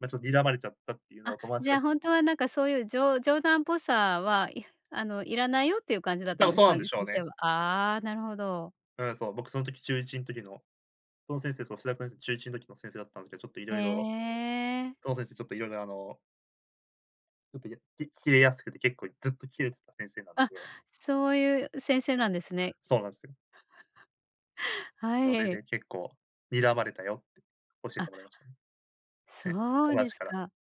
ま、ちょっと睨まれちゃったっていうのあ、を友達じゃがあきほんとはなんかそういう、じょ冗談っぽさは、いあの要らないよっていう感じだった多ん分ですそうなんかでね？しょう先生ね。は。ああ、なるほど。うん、そう。僕その時、中1ん時のその先生、その数学の、中1の時の先生だったんですけど、ちょっとへ色々え。その先生ちょっと色々あのちょっと、や、きキレやすくて結構ずっとキレてた先生なんあ、で。そういう先生なんですね。そうなんすよ。はそれい。で結構、睨まれたよって教えあてもらいましたね。せそ友うで達すから。か。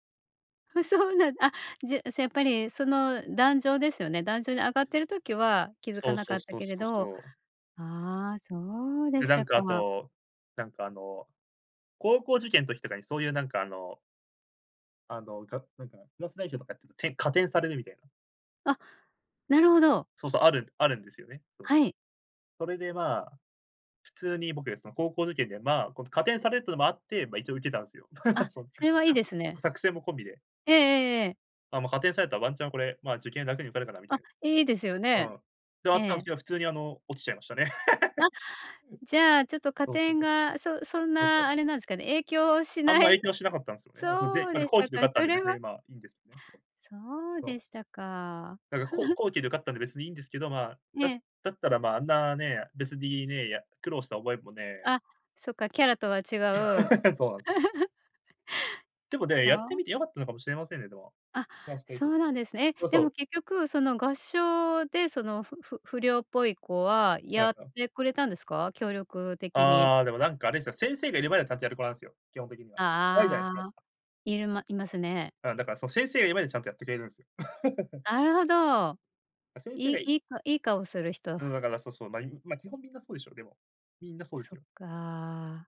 ふそうなんあ、じゃ、そやっぱり、その壇上ですよね、壇上に上がっている時は気づそかうなそかうったそうけれそうどそう。ああ、そうでで、しなんたかあか。と、なんかあの、高校受験ん時とかにそういうなんかあのあの、がなんか、クラス代表とかやってると、点、加点されるみたいな。あ、なるほど。そうそう、あるあるんですよね、そう。はい。それでまあ、普通に僕、その高校受験でまあ、この加点されるっていうのもあって、まあ、一応受けたんすよ。あ、そ、それはいいです [unintelligible] ね。作戦も込みで。ええええええ。あ、ま、加点されたらワンチャンこれ、ま、受験楽に受かるかなみたいあ、いいですよな。うね。ん。で、あえったんすえ。けど、普通にあの、落ちちゃいましたね。なじゃあちょっ と加 [unintelligible] そうそう。点が、そそんそうそなあう。れなんすかね、影響しあんなま影い？響しなかったんすよね。なんそのぜそうま、でし後た期で受か。かったんそでれ別に、はい、まあ、いいんですよね。そう。そうそでう。したか。なんかこう 後期で受かったんで別にいいんですけど、まあ、えだえ。だったらまあ、あんなね、別にね、や、苦労した覚えもねあ、そっか、キャラとは違う そうなんす。でも ね、そやってうみて良かったのかもしれませんね、でも。あ、ま、指定そきょうなんですね。え、そうそでもう。結局その合唱で、その、ふふ不良っぽい子ははやい、っあてくれたんですか？協力的に。ああ、でもなんかあれですよ。先生がいる前ではちゃんとやる子なんすよ、基本的には。怖いじゃないすあか、やっあ。ぱ。いるまいますね。ああ、だからその先生がいる前でちゃんとやってくれるんすよ。なるほど。ま、先生いがいいいいかいい顔する人。うんだから、そうそう、まあ、いまあ基本みんなそうでしょ、でも。みんなそうでそすっよ。か。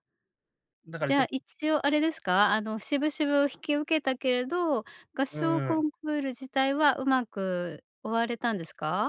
だからじちゃょっあと一応あれですか？あの渋々引き受けたけれど、合う唱んうコん。ンクール自体は上手く終われたんですか？